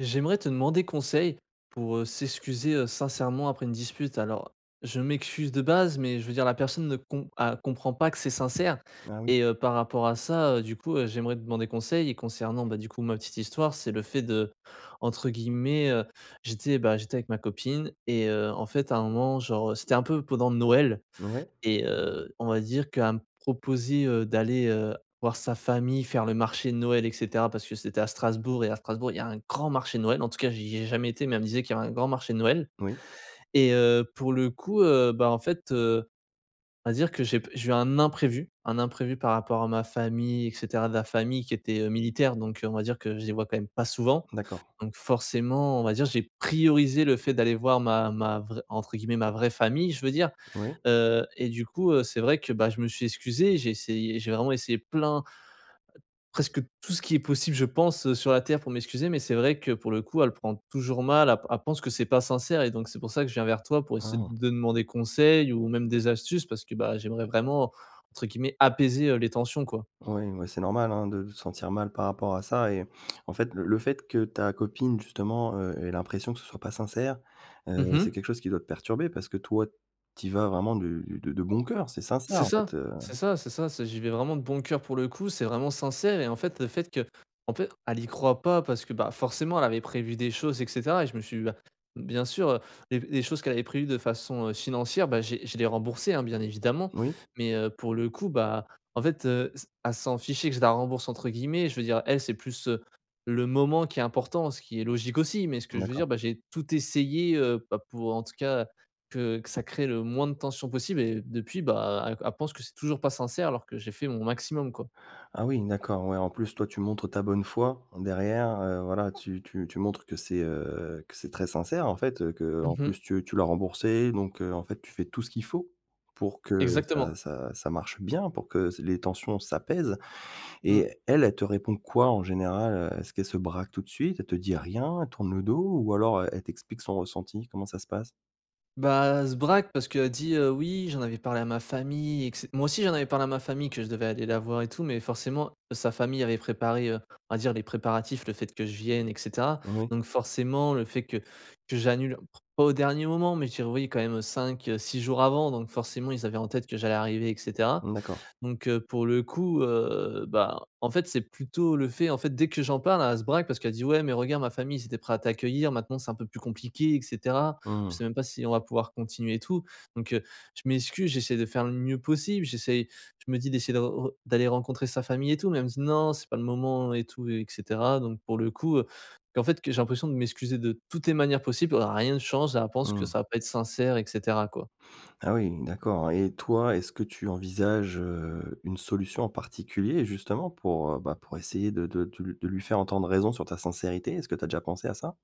J'aimerais te demander conseil pour, heu, s'excuser, heu, sincèrement après une dispute. Alors je m'excuse de base mais je veux dire la personne ne com a comprend pas que c'est sincère Ah oui. et heu, par rapport à ça, heu, du coup, heu, j'aimerais demander conseil. Et concernant du coup, ma petite histoire c'est le fait de entre guillemets heu, j'étais, bah, j'étais avec ma copine et heu, en fait à un moment genre heu, c'était un peu pendant Noël Ouais. et heu, on va dire qu'elle me proposait, heu, d'aller, heu, voir sa famille faire le marché de Noël et cetera parce que c'était à Strasbourg et à Strasbourg il y a grand marché de Noël. En tout cas j'y ai jamais été mais elle me disait qu'il y a un grand marché de Noël Oui. et heu, pour le coup, heu, bah en fait, heu, on va dire que j'ai pe j'ai eu un imprévu, un imprévu par rapport à ma famille et cetera. De la famille qui était, heu, militaire donc on va dire que je les vois quand même pas souvent. D'accord. Donc forcément on va dire j'ai priorisé le fait d'aller voir ma ma vraie entre guillemets «ma vraie famille» je veux dire, Oui. heu et du coup, heu, c'est vrai que, bah, je me suis excusé, j'ai essayé, j'ai vraiment essayé plein presque tout qui est possible je pense, heu, sur la terre pour m'excuser. Mais c'est vrai que pour le coup, elle prend toujours mal, elle p elle pense que c'est pas sincère et donc c'est pour ça que je viens vers toi pour A essayer ah. de demander conseil ou même des astuces parce que, bah j'aimerais vraiment entre guillemets, «apaiser» heu, les tensions quoi. Ouais, ouais, c'est normal, hein, de de te sentir mal par rapport à ça. Et en fait le le fait que ta copine justement, heu, ait l'impression que ce soit pas sincère, Mmh heu, c'est mh. quelque chose qui doit te perturber parce que toi tu y vas vraiment de de de bon coeur, c'est C'est sincère en çà, fait, heu c'est ça, c'est ça. C'est j'y vais vraiment de bon coeur pour le coup. C'est vraiment sincère et en fait le fait que, en fait, elle y croit pas parce que, bah, forcément elle avait prévu des choses et cetera et je me suis dit: «Bah, bien sûr, heu, les les choses qu'elle avait prévues de façon, heu, financière» bah, j'ai je l'ai remboursée, hein, bien évidemment Oui. mais, heu, pour le coup, bah, en fait, heu, s elle s'en fichait que je la «rembourse» entre guillemets je veux dire elle c'est plus, heu, le moment qui est important ce qui est logique aussi. Mais ce que je veux dire, D'accord. bah, j'ai tout essayé, heu, bah, pour en tout cas, que que ça crée le moins de tension possible et depuis, bah, elle elle pense que c'est toujours pas sincère alors que j'ai fait mon maximum quoi. Ah oui, d'accord, ouais, en plus toi tu montres ta bonne foi. Derrière, heu, voilà tu tu tu montres que c'est, heu, que c'est très sincère en fait, heu, Mmh qu'en mh. plus tu tu l'as remboursée donc, heu, en fait tu fais tout ce qu'il faut, pour que Exactement. ça ça ça marche bien, pour que se les tensions s'apaisent Mmh. et elle, elle te répond quoi en général, heu? Est-ce qu'elle se braque tout de suite, elle te dit rien, elle tourne le dos ou alors e elle t'explique son ressenti? Comment ça se passe? Bah elle se braque parce qu'elle dit: «Heu, oui j'en avais parlé à ma famille et cete» moi aussi j'en avais parlé à ma famille que je devais aller la voir et tout mais forcément sa famille avait préparé, heu, on va dire les préparatifs le fait que je vienne et cetera Oui. donc forcément le fait que que j'annule p pas au dernier moment, mais je dirais, oui, quand même 5-6 jours avant donc forcément ils avaient en tête que j'allais arriver et cetera. Mmh, d'accord. Donc, heu, pour le coup, heu, bah, en fait c'est plutôt le fait, en fait, dès que j'en parle elle se braque parce qu'elle dit: «Ouais mais regarde ma famille ils étaient prêts à t'accueillir maintenant c'est un peu plus compliqué et cetera. Je Mmh. sais même pas si on va pouvoir continuer et tout», donc, heu, je m'excuse j'essaie de faire le mieux possible, j'essaye je me dis d'essayer de re d'aller rencontrer sa famille et tout mais elle me dit: «Non c'est pas le moment» et tout et cetera. Donc pour le coup heu, et en fait que j'ai l'impression de m'excuser de toutes les manières possibles, heu, rien ne change et elle pense que Mmh. ça va pas être sincère et cetera quoi. Ah oui, d'accord et toi est-ce que tu envisages, heu, une solution en particulier justement pour, heu, bah, pour essayer de de de de lui faire entendre raison sur ta sincérité? Est-ce que tu as déjà pensé à ça?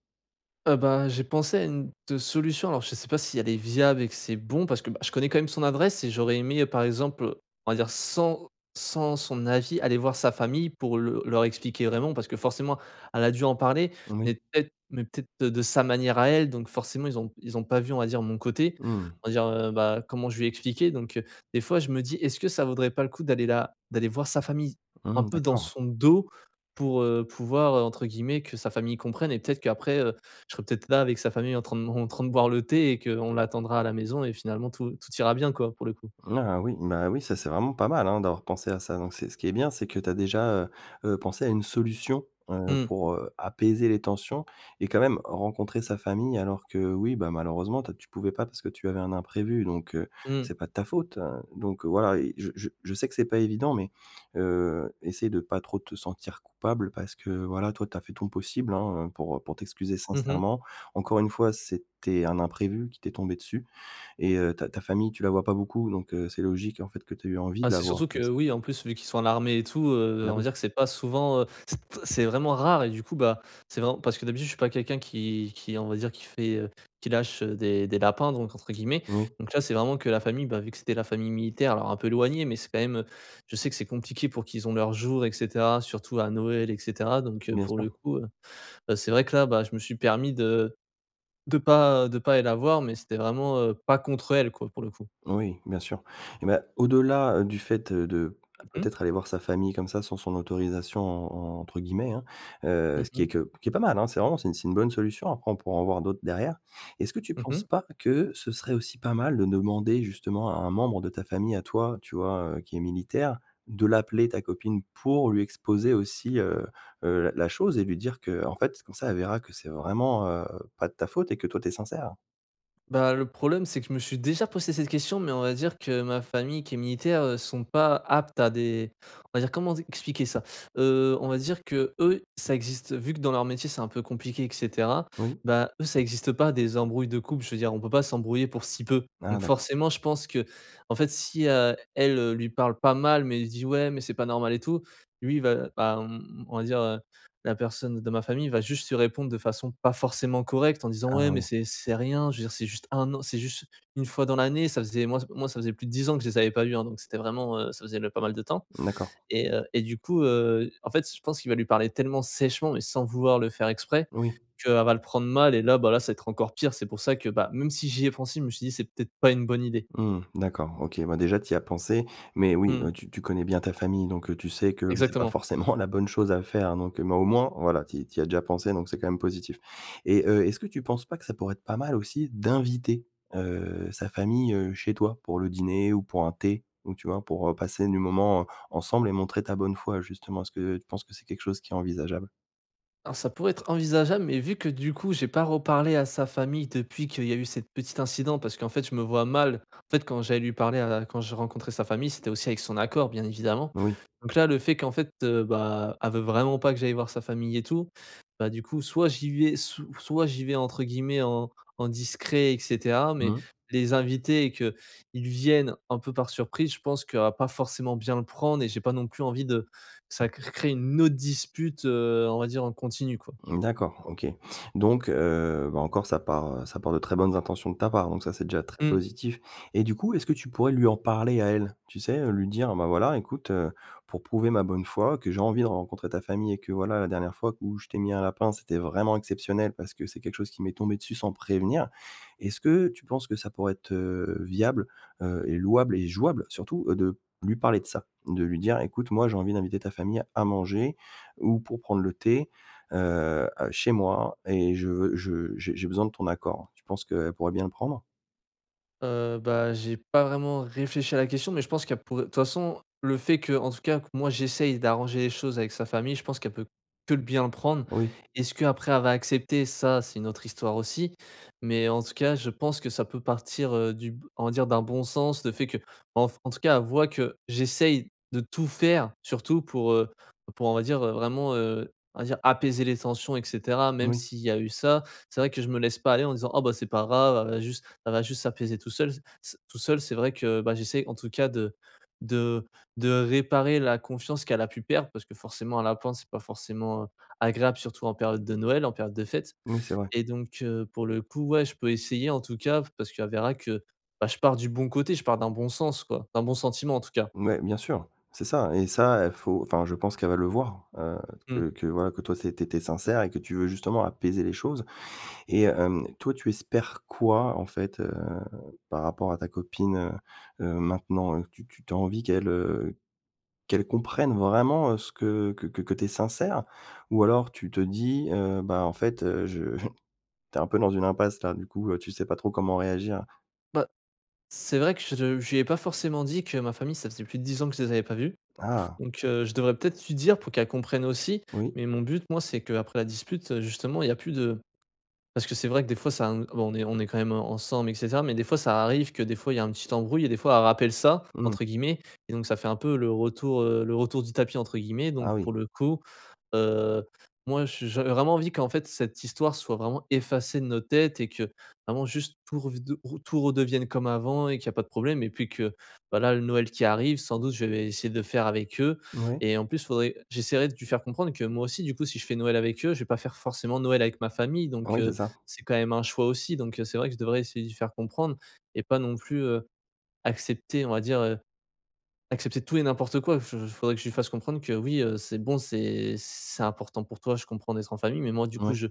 Heu, ben, j'ai pensé à une te solution alors je sais pas si elles est viable et que c'est bon parce que, bah, je connais quand même son adresse et j'aurais aimé, heu, par exemple, on va dire sans sans son avis, aller voir sa famille pour le leur expliquer vraiment parce que forcément elle a dû en parler Moui. mais peut être mais peut-être de sa manière à elle donc forcément ils ont ils ont pas vu, on va dire, mon côté, Mmh. on va dire, heu, bah, comment je lui ai expliqué donc heu, des fois, je me dis: «Est-ce que ça vaudrait pas le coup d'aller la d'aller voir sa famille un Mmh peu dans d'accord. son dos?» pour, heu, pouvoir, heu, entre guillemets que sa famille «comprenne» et peut-être qu'après je serai peut-être là avec sa famille en train en train de boire le thé et qu'on l'attendra à la maison et finalement tout tout ira bien, quoi, pour le coup. Ah oui, bah, oui, ça c'est vraiment pas mal, hein, d'avoir pensé à ça donc c'est ce qui est bien, c'est que tu as déjà, heu heu, pensé à une solution, heu, Mmh. pour, heu, apaiser les tensions et quand même rencontrer sa famille alors que, oui, bah, malheureusement, toi, tu pouvais pas parce que tu avais un imprévu donc, heu, Mmh. c'est pas de ta faute, heu, donc voilà et je je sais que c'est pas évident mais heu, essaie de pas trop te sentir coupable parce que, voilà, toi, tu as fait ton possible, hein, heu, pour pour t'excuser Mmh mh. sincèrement. Encore une fois, c'était un imprévu qui t'es tombé dessus et heu, ta ta famille, tu la vois pas beaucoup donc heu, c'est logique, en fait, que tu aies eu envie Enfin, de la c'est voir surtout comme que, ça. oui, en plus, vu qu'il soit à l'armée et tout, heu, Bah, on va oui. dire que c'est pas souvent, heu, c'est c'est vraiment rare et du coup, bah, c'est vraiment parce que d'habitude je suis pas quelqu'un qui qui, on va dire, qui fait, heu, qui lâche, heu, des «des lapins» donc entre guillemets Oui. donc là, c'est vraiment que la famille, ben, vu que c'était la famille militaire alors un peu éloignée mais c'est quand même, heu, je sais que c'est compliqué pour qu'ils ont leurs jours et cetera, surtout à Noël et cetera donc heu, Bien pour sûr. le coup, heu, bah, c'est vrai que là, je me suis permis de de pas de pas aller la voir mais c'était vraiment, heu, pas contre elle, quoi, pour le coup. Oui, bien sûr et bah, au-delà, heu, du fait, heu, de Mmh mh. peut-être aller voir sa famille comme ça «sans son autorisation» en entre guillemets, hein, heu, Mmh ce qui est mh. que qui est pas mal, hein, c'est vraiment c'est c'est une bonne solution après on pourra en voir d'autres derrière. Est-ce que tu Mmh mh. penses pas que ce serait aussi pas mal de demander justement à un membre de ta famille, à toi, tu vois, heu, qui est militaire, de l'appeler ta copine pour lui exposer aussi, heu heu, la chose et lui dire qu'en fait comme ça, elle verra que c'est vraiment, heu, pas de ta faute et que toi tu es sincère? Bah, le problème c'est que je me suis déjà posé cette question. Mais, on va dire, que ma famille qui est militaire, heu, sont pas aptes à des on va dire, comment dit expliquer ça? Heu, on va dire, qu'eux, ça existe vu que, dans leur métier, c'est un peu compliqué et cetera. Oui. Bah, eux, ça existe pas des embrouilles de couple. Je veux dire, on peut pas s'embrouiller pour si peu. Ah Donc, d'accord. forcément, je pense qu'en fait, si à elle, heu, lui parle pas mal mais il dit: «Ouais, mais c'est pas normal et tout». Lui va, bah, on on va dire, heu, la personne de ma famille va juste lui répondre de façon pas forcément correcte en disant: Ah «Ouais, mais oui. c'est c'est rien». Je veux dire, c'est juste 1 an. C'est juste 1 fois dans l'année, ça faisait, moi, ç moi, ça faisait plus de 10 ans que je les avais pas vu, hein. Donc, c'était vraiment, heu, ça faisait ne pas mal de temps D'accord. et heu, et du coup, heu, en fait, je pense qu'il va lui parler tellement sèchement et sans vouloir le faire exprès Oui. qu'elle va le prendre mal et là, bah, là, ça être encore pire. C'est pour ça que, bah, même si j'y ai pensé, je me suis dit: «C'est peut-être pas une bonne idée». Mmh mh. D'accord. OK. Bah, déjà, tu y as pensé. Mais, oui, Mmh. heu, tu tu connais bien ta famille donc heu, tu sais que c'est pas Exactement. forcément la bonne chose à faire donc heu mais, au moins, voilà, tu y tu y as déjà pensé, donc c'est quand même positif et heu, est-ce que tu penses pas que ça pourrait être pas mal aussi d'inviter, heu, sa famille, heu, chez toi pour le dîner ou pour un thé? Donc tu vois, pour, heu, passer du moment, heu, ensemble et montrer ta bonne foi. Justement, est-ce que tu penses que c'est quelque chose qui est envisageable? Hein, ça pourrait être envisageable, mais vu que du coup, j'ai pas reparlé à sa famille depuis qu'il y a eu cette petite incident parce qu'en fait, je me vois mal, en fait, quand j'aille lui parler à la quand j'ai rencontré sa famille, c'était aussi, avec son accord, bien évidemment, Oui. donc là, le fait qu'en fait, heu, bah, elle veut vraiment pas que j'aille voir sa famille et tout, bah, du coup, soit j'y vais sou soit j'y vais entre guillemets «en en discret» et cetera, mais Mmh. les inviter et qu'ils viennent un peu par surprise, je pense qu'elle va pas forcément bien le prendre et j'ai pas non plus envie de ça, cr crée une autre dispute, heu, on va dire, en continu, quoi. D'accord. OK donc heu, bah, encore, ça part, heu ça part de très bonnes intentions de ta part, donc ça, c'est déjà très Mmh. positif et du coup, est-ce que tu pourrais lui en parler à elle? Tu sais, heu, lui dire: «Bah, voilà, écoute, heu, pour prouver ma bonne foi, que j'ai envie de rencontrer ta famille et que, voilà, la dernière fois où je t'ai mis un lapin, c'était vraiment exceptionnel parce que c'est quelque chose qui m'est tombé dessus sans prévenir». Est-ce que tu penses que ça pourrait être, heu, viable, heu, et louable et jouable surtout, heu, de lui parler de ça? De lui dire: «Écoute, moi, j'ai envie d'inviter ta famille à manger ou pour prendre le thé, heu heu, chez moi et je veux je j'ai j'ai besoin de ton accord». Tu penses qu'elle pourrait bien le prendre? Heu, bah, j'ai pas vraiment réfléchi à la question mais je pense qu'il y a pour de toute façon le fait que, en tout cas que moi j'essaye d'arranger les choses avec sa famille, je pense qu'elle peut que bien le prendre. Oui. Est-ce que après elle va accepter? Ça, c'est une autre histoire aussi, mais en tout cas je pense que ça peut partir, heu, du b on va dire d'un bon sens, le fait que enf en tout cas elle voit que j'essaye de tout faire surtout pour, heu pour on va dire vraiment, heu, on va dire apaiser les tensions et cetera. Même Oui. s'il y a eu ça, c'est vrai que je me laisse pas aller en disant: «Ah bah, c'est pas grave elle a juste elle va juste s'apaiser tout seul, c c tout seul. C'est vrai que bah, j'essaye en tout cas de de de réparer la confiance qu'elle a pu perdre parce que forcément l'apprendre c'est pas forcément, heu, agréable surtout en période de Noël, en période de fêtes Oui, c'est vrai. et donc heu, pour le coup ouais, je peux essayer en tout cas v parce qu'elle verra que, bah je pars du bon côté, je pars d'un bon sens quoi, d'un bon sentiment en tout cas. Ouais bien sûr. C'est ça et ça et faut enfin je pense qu'elle va le voir, heu, Mmh. que que voilà que toi toi tu é tu étais sincère et que tu veux justement apaiser les choses et hem, toi tu espères quoi en fait, heu, par rapport à ta copine, heu heu, maintenant? Heu, tu tu as envie qu'elle, heu, qu'elle comprenne vraiment, heu, ce que que que tu es sincère? Ou alors tu te dis heu: «Ben en fait, heu, je», tu es un peu dans une impasse là du coup, heu, tu sais pas trop comment réagir? Bah, c'est vrai que je le je lui ai pas forcément dit que ma famille ça faisait plus de 10 ans que je les avais pas vus. Ah. Donc, heu, je devrais peut-être lui dire pour qu'elle comprenne aussi. Oui. Mais mon but moi c'est qu'après la dispute, heu, justement il y a plus de parce que c'est vrai que des fois ça em bon, on est on est quand même, heu, ensemble et cetera, mais des fois ça arrive que des fois il y a un petit embrouille et des fois «elle rappelle ça» Mmh. entre guillemets et donc ça fait un peu le retour, heu, «le retour du tapis» entre guillemets. Donc Ah oui. pour le coup, heu, moi j j'avais vraiment envie qu'en fait cette histoire soit vraiment effacée de nos têtes, et que vraiment juste pour revede tout redevienne comme avant et qu'il y a pas de problème, et puis que voilà le Noël qui arrive, sans doute, je vais essayer de le faire avec eux, Ouais. et en plus faudrait j'essaierai de lui faire comprendre que moi aussi du coup, si je fais Noël avec eux, je vais pas faire forcément Noël avec ma famille, donc, Oui, c'est heu, ça. c'est quand même un choix aussi. Donc, heu, c'est vrai que je devrais essayer de lui faire comprendre et pas non plus, heu, accepter on va dire, heu, accepter tout et n'importe quoi. Je j faudrait que je lui fasse comprendre que, oui, heu, c'est bon, c'est c'est important pour toi, je comprends, d'être en famille, mais moi du coup Oui. je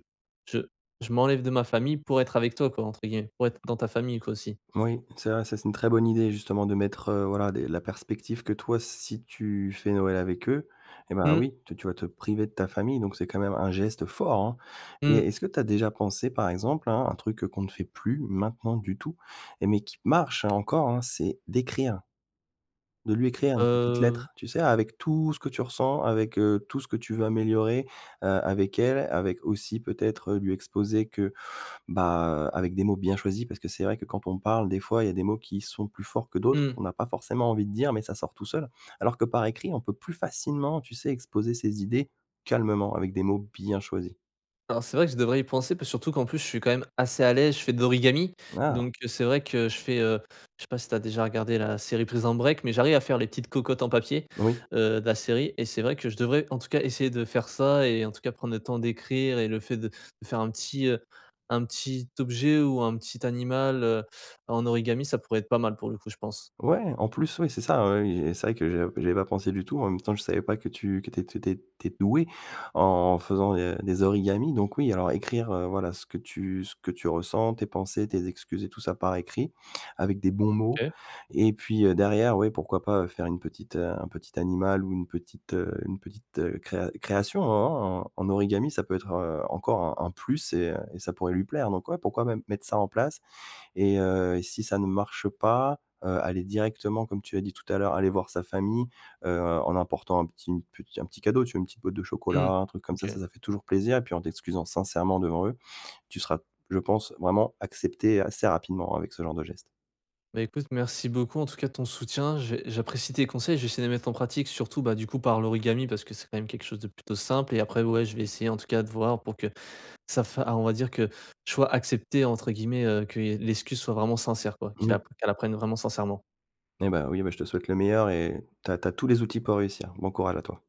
je «je m'enlève de ma famille pour être avec toi» quoi entre guillemets, pour être dans ta famille quoi, aussi. Oui, c'est vrai. Ça c'est une très bonne idée justement de mettre, heu, voilà des la perspective que toi si tu fais Noël avec eux, et bah Mmh. oui, tu tu vas te priver de ta famille, donc c'est quand même un geste fort hein et Mmh. est-ce que tu as déjà pensé, par exemple hein, un truc, heu, qu'on ne fait plus maintenant du tout, et mais qui marche hein, encore hein, c'est d'écrire, de lui écrire une petite Heu lettre. Tu sais avec tout ce que tu ressens avec, heu, tout ce que tu veux améliorer, heu, avec elle, avec aussi peut-être, heu, lui exposer que, bah, avec des mots bien choisis, parce que c'est vrai que quand on parle des fois il y a des mots qui sont plus forts que d'autres, Mmh. qu'on a pas forcément envie de dire, mais ça sort tout seul. Alors que par écrit, on peut plus facilement, tu sais exposer ses idées calmement, avec des mots bien choisis. Alors c'est vrai que je devrais y penser, puis surtout qu'en plus je suis quand même assez à l'aise, je fais de l'origami. Mmh ah. Donc, heu, c'est vrai que je fais, heu, je sais pas si tu as déjà regardé la série Prison Break, mais j'arrive à faire les petites cocottes en papier, Oui. heu, de la série et c'est vrai que je devrais en tout cas essayer de faire ça, et en tout cas prendre le temps d'écrire et le fait de de faire un petit, heu, un petit objet ou un petit animal, heu, en origami ça pourrait être pas mal pour le coup je pense. Ouais, en plus oui. C'est ça, oui, oui, et c'est vrai que j'ai j'avais pas pensé du tout. En même temps je savais pas que tu que tu es tu étais que tu es doué en faisant des des origamis. Donc oui, alors écrire, heu, voilà ce que tu ce que tu ressens, tes pensées, tes excuses et tout ça par écrit, avec des bons mots, OK. et puis, heu, derrière, oui pourquoi pas, heu, faire une petite, heu, un petit animal ou une petite, heu, une petite, heu, créa création en en en en origami. Ça peut être, heu, encore un un plus et heu et ça pourrait lui plaire. Donc ouais, pourquoi même mettre ça en place et heu et si ça ne marche pas, heu, aller directement comme tu as dit tout à l'heure, aller voir sa famille, heu, en emportant un petit une petit un petit cadeau tu vois, une petit boite de chocolat, Mmh. un truc comme ça OK. ça, ça fait toujours plaisir et puis en t'excusant sincèrement devant eux, tu seras, je pense, vraiment accepté assez rapidement avec ce genre de geste. Bah écoute, merci beaucoup en tout cas de ton soutien. J'ai j'apprécie tes conseils, je vais essayer de les mettre en pratique, surtout bah du coup par l'origami, parce que c'est quand même quelque chose de plutôt simple, et après ouais, je vais essayer, en tout cas, de voir pour que ça fa ah on va dire que je sois «accepté» entre guillemets, heu, qu'il y ai l'excuse soit vraiment sincère quoi, qu'ils la Oui. qu'elle la prenne vraiment sincèrement. Et bah oui, bah, je te souhaite le meilleur et tu as tu as tous les outils pour réussir. Bon courage à toi.